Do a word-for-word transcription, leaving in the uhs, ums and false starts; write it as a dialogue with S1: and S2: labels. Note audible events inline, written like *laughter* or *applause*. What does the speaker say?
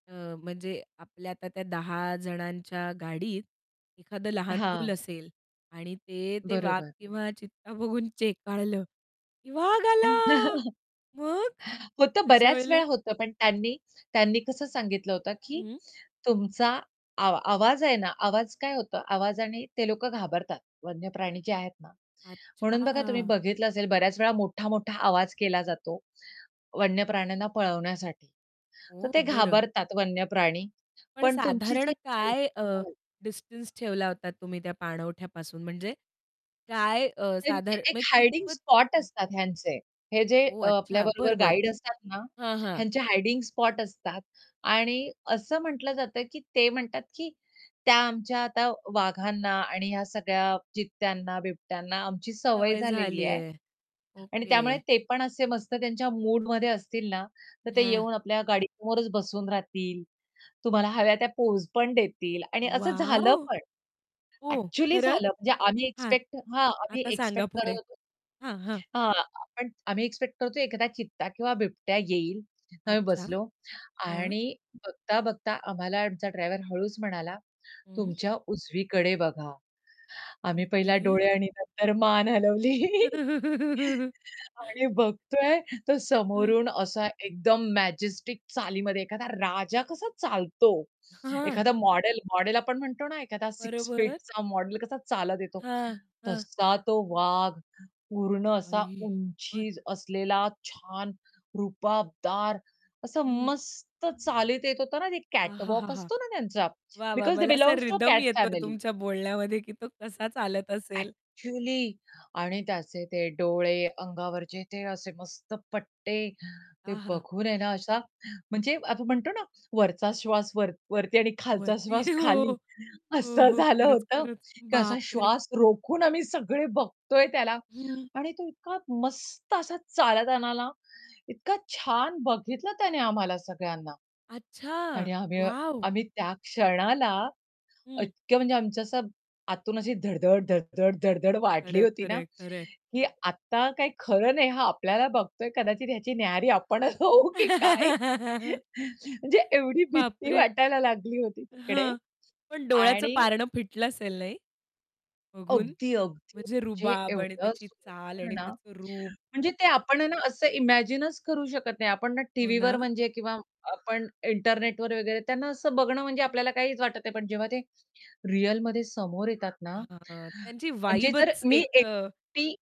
S1: अ, म्हणजे आपल्या आता त्या दहा जणांच्या गाडीत एखादं लहान मूल
S2: हां.
S1: असेल आणि ते ते वाघ
S2: बरोबर.
S1: किंवा चित्ता बघून चेकाळलं, की वाघ आला.
S2: *chuckles*
S1: मग,
S2: होतं
S1: अशा
S2: बऱ्याच
S1: वेळेला?
S2: वेळा होतं. पण त्यांनी त्यांनी कसं सांगितलं होतं, की
S1: हं.
S2: तुमचा आवा आवाज आहे ना आवाज काय होता आवाजाने ते लोकं घाबरतात वन्यप्राणी जे आहेत ना, म्हणून बघा तुम्ही
S1: अच्छा.
S2: बघितलं असेल बऱ्याच वेळा मोठा-मोठा आवाज केला जातो. वन्यप्राण्यांना पळवण्यासाठी तर
S1: ओह!
S2: ते
S1: बरं.
S2: घाबरतात वन्यप्राणी,
S1: पण
S2: पण तुमची
S1: साधारण
S2: जी
S1: काय अ,
S2: *unintelligible*
S1: डिस्टन्स ठेवला होता तुम्ही त्या पाणवठ्यापासून? म्हणजे काय अ,
S2: त्यांची
S1: साधारण
S2: एक
S1: म्हणजे
S2: हायडिंग
S1: कितपत
S2: स्पॉट असतात ह्यांचे. हे जे
S1: ओह!
S2: अ,
S1: अच्छा.
S2: आपल्याबरोबर
S1: बरं, बरं.
S2: गाईड असतात ना
S1: हां, हां.
S2: ह्यांचे हायडिंग स्पॉट असतात आणि असं म्हटलं जातं की ते म्हणतात, की त्या आमच्या आता वाघांना आणि ह्या सगळ्या चित्त्यांना, बिबट्यांना आमची सवय
S1: सवय
S2: झालेली
S1: झाली
S2: आहे
S1: आहे,
S2: आणि त्यामुळे
S1: ओके.
S2: ते पण असे मस्त त्यांच्या मूडमध्ये असतील ना, तर ते
S1: हां.
S2: येऊन आपल्या गाडी समोरच बसून राहतील. तुम्हाला हव्या त्या पोज पण देतील आणि असं झालं
S1: वॉव!
S2: पण.
S1: ओ!
S2: अ‍ॅक्चुअली
S1: खरंच?
S2: झालं म्हणजे आम्ही
S1: हां,
S2: एक्स्पेक्ट हां, आम्ही
S1: आता सांगा
S2: एक्स्पेक्ट करत
S1: पुढे?
S2: होतो
S1: हां, हां.
S2: हां, पण आम्ही एक्स्पेक्ट करतो एखादा चित्ता किंवा बिबट्या येईल आम्ही
S1: अच्छा,
S2: बसलो
S1: हां.
S2: आणि बघता-बघता आम्हाला आमचा ड्रायव्हर हळूच म्हणाला
S1: हं.
S2: तुमच्या उजवीकडे बघा. आम्ही पहिला
S1: ओके.
S2: डोळे आणि नंतर मान हलवली.
S1: *giggles*
S2: आणि बघतोय, तर
S1: हं.
S2: समोरून असा एकदम मॅजेस्टिक चालीमध्ये एखादा राजा कसा चालतो
S1: हां.
S2: एखादा मॉडेल मॉडेल आपण म्हणतो ना एखादा सिक्स
S1: बरोबर.
S2: फीटचा मॉडेल कसा चालत येतो?
S1: हां, हां.
S2: तसा तो वाघ पूर्ण असा
S1: आई शपथ!
S2: उंची असलेला छान रूबाबदार असं
S1: हं.
S2: मस्त चालीत येत होतं ना, ते कॅटवॉक
S1: आहाहा!
S2: असतो ना त्यांचा
S1: वाह! वाह!
S2: बिकॉझ दे
S1: मला असा
S2: बिलॉन्ग टू
S1: रिथम
S2: कॅट
S1: येतोय
S2: फॅमिली.
S1: तुमच्या बोलण्यामध्ये की तो कसा चालत असेल.
S2: ॲक्चुअली आणि त्याचे ते डोळे, अंगावरचे ते असे मस्त पट्टे. ते
S1: आहा!
S2: बघून आहे ना असा म्हणजे आपण म्हणतो ना वरचा श्वास वर वरती आणि खालचा
S1: वरती,
S2: श्वास
S1: हो,
S2: खाली,
S1: हो,
S2: असं
S1: हो.
S2: झालं
S1: खरंच,
S2: होतं,
S1: खरंच,
S2: की असा
S1: बाप रे!
S2: श्वास रोखून आम्ही सगळे बघतोय त्याला
S1: हं.
S2: आणि तो इतका मस्त असा चालत आला ना, इतका छान बघितलं त्याने आम्हाला सगळ्यांना
S1: अच्छा,
S2: आणि आम्ही
S1: वॉव!
S2: आम्ही त्या क्षणाला
S1: हं.
S2: इतक्या म्हणजे आमचं असं आतून अशी धड-धड, धड, धड, धड, धड वाढली
S1: खरं,
S2: होती ना
S1: खरंय, खरंय.
S2: की आत्ता काही खरं नाही हा आपल्याला बघतोय कदाचित ह्याची न्याहारी आपणच होऊ की काय?
S1: *laughs*
S2: *chuckles* म्हणजे एवढी
S1: बाप
S2: भीती
S1: रे!
S2: वाटायला लागली होती तिकडे
S1: हं. पण डोळ्याचं
S2: आणि
S1: पारणं फिटलं असेल नाही? बघून,
S2: अगदी, अगदी.
S1: म्हणजे
S2: म्हणजे
S1: रुबाब आणि
S2: एवढं
S1: त्याची चाल
S2: सुंदर
S1: आणि
S2: ना
S1: त्याचं रूप.
S2: म्हणजे ते आपण आहे ना असं इमॅजिनचं करू शकत नाही. आपण ना
S1: हो
S2: टीव्हीवर
S1: ना.
S2: म्हणजे किंवा आपण इंटरनेटवर वगैरे त्यांना असं बघणं म्हणजे आपल्याला काहीच वाटत नाही. पण जेव्हा ते रिअलमध्ये समोर येतात ना
S1: हां, त्यांची
S2: म्हणजे जर
S1: वाइबच
S2: मी
S1: एक अ
S2: एकटी